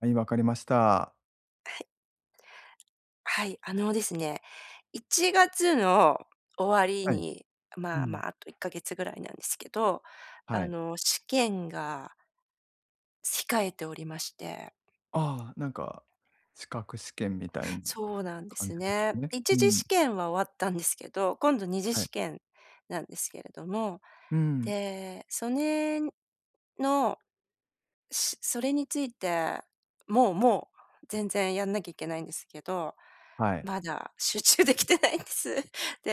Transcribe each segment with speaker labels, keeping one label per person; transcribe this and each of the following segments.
Speaker 1: はい、わかりました。
Speaker 2: はい。はい、あのですね1月の終わり
Speaker 1: はい。
Speaker 2: に、
Speaker 1: う
Speaker 2: まあま
Speaker 1: ん。
Speaker 2: あ、あと1か月ぐらいなんですけど、
Speaker 1: は
Speaker 2: あ
Speaker 1: い。
Speaker 2: の試験が控えておりまして。
Speaker 1: ああ、なんか資格試験みたいな
Speaker 2: そうなんで
Speaker 1: 感
Speaker 2: す
Speaker 1: じで
Speaker 2: ね。
Speaker 1: すね。
Speaker 2: い
Speaker 1: う
Speaker 2: ちじ
Speaker 1: ん。
Speaker 2: 試験は終わったんですけど、今度2次
Speaker 1: はい。
Speaker 2: 試験なんですけれども、
Speaker 1: うん。
Speaker 2: で、そねんの、しそれについて、もうもう全然やんなきゃいけないんですけど、
Speaker 1: はい。
Speaker 2: まだ集中できてないんです。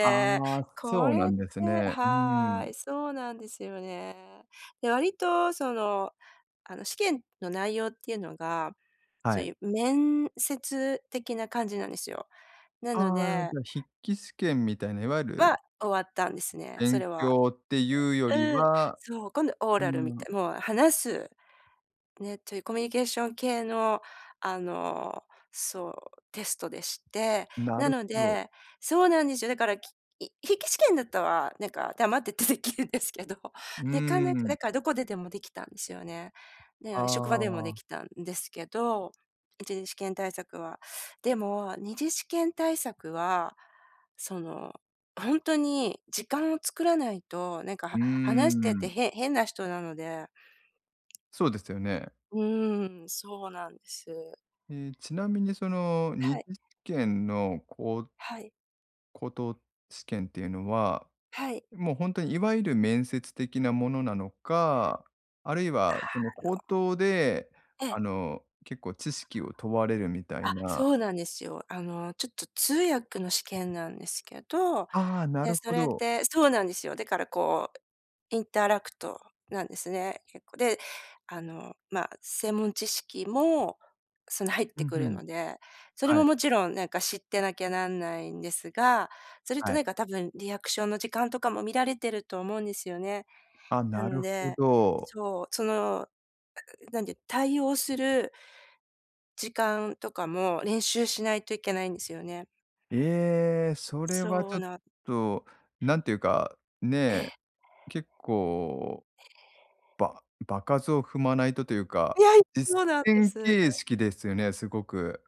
Speaker 1: ああ、そ
Speaker 2: こ
Speaker 1: うな
Speaker 2: れっ
Speaker 1: ん
Speaker 2: て
Speaker 1: ですね。うー
Speaker 2: は
Speaker 1: ん。
Speaker 2: い。そうなんですよね。で、割とその、あの試験の内容っていうのが、
Speaker 1: は
Speaker 2: そう
Speaker 1: い。
Speaker 2: いう面接的な感じなんですよ。なの
Speaker 1: ああ、
Speaker 2: で
Speaker 1: じゃ、筆記試験みたいな、いわゆ
Speaker 2: は、
Speaker 1: る
Speaker 2: 終わったんですね、そ
Speaker 1: 勉
Speaker 2: れは。
Speaker 1: 強っていうより
Speaker 2: うん、
Speaker 1: は、
Speaker 2: そう、今度オー
Speaker 1: う
Speaker 2: ラルみ
Speaker 1: ーん。
Speaker 2: て、もう話す、ね、というコミュニケーション系の、あのそう、テストでして、
Speaker 1: な
Speaker 2: な
Speaker 1: る
Speaker 2: の
Speaker 1: ほど。
Speaker 2: でそうなんですよ。だからき筆記試験だったは、なんか黙っててできるんですけど、
Speaker 1: う
Speaker 2: なかな
Speaker 1: ー
Speaker 2: かだ
Speaker 1: ん。
Speaker 2: からどこででもできたんですよね。
Speaker 1: あ
Speaker 2: で、職場でもで
Speaker 1: あ。
Speaker 2: きたんですけど、1次試験対策は。でも2次試験対策は、その、ほんとに時間を作らないと、なんか、
Speaker 1: うー
Speaker 2: は話してて
Speaker 1: ん。
Speaker 2: 変変な人なので。
Speaker 1: そうですよね。
Speaker 2: うーん、そうなんです。
Speaker 1: ええ、ちなみにそのに
Speaker 2: はい。
Speaker 1: じ試験のこう
Speaker 2: はい。
Speaker 1: 口頭試験っていうのは、
Speaker 2: はい。
Speaker 1: もうほんとにいわゆる面接的なものなのか、あるいはその口頭で
Speaker 2: あの。え
Speaker 1: あ
Speaker 2: え。
Speaker 1: の結構知識を問われるみたい
Speaker 2: あ、
Speaker 1: な。
Speaker 2: そうなんですよ。あのちょっと通訳の試験なんですけど、
Speaker 1: ああ、な
Speaker 2: で、
Speaker 1: る
Speaker 2: そ
Speaker 1: ほ
Speaker 2: れっ
Speaker 1: ど。
Speaker 2: てそうなんですよ。だからこうインターラクトなんですね、結構。で、あの、まあ、専門知識も、その入っ
Speaker 1: う
Speaker 2: て
Speaker 1: ん、
Speaker 2: く
Speaker 1: ふ
Speaker 2: る
Speaker 1: ん。
Speaker 2: ので、それ
Speaker 1: は
Speaker 2: も
Speaker 1: い。
Speaker 2: もちろんなんか知ってなきゃなんないんですが、それと
Speaker 1: はい。
Speaker 2: なんか多分リアクションの時間とかも見られてると思うんですよね。
Speaker 1: あ、
Speaker 2: な
Speaker 1: な
Speaker 2: の
Speaker 1: るほ
Speaker 2: で、
Speaker 1: ど。
Speaker 2: そう。その、ううなんていう、対応する時間とかも練習しないといけないんですよね。
Speaker 1: ええ、それは
Speaker 2: そ
Speaker 1: ちょ
Speaker 2: う
Speaker 1: っ
Speaker 2: な
Speaker 1: と、なんていうか
Speaker 2: え
Speaker 1: ね。
Speaker 2: え。
Speaker 1: 結構、
Speaker 2: ええ。
Speaker 1: ば場数を踏まないとというか、
Speaker 2: いやい、そう
Speaker 1: 実
Speaker 2: なんで
Speaker 1: 践
Speaker 2: す。
Speaker 1: 形式ですよね、すごく。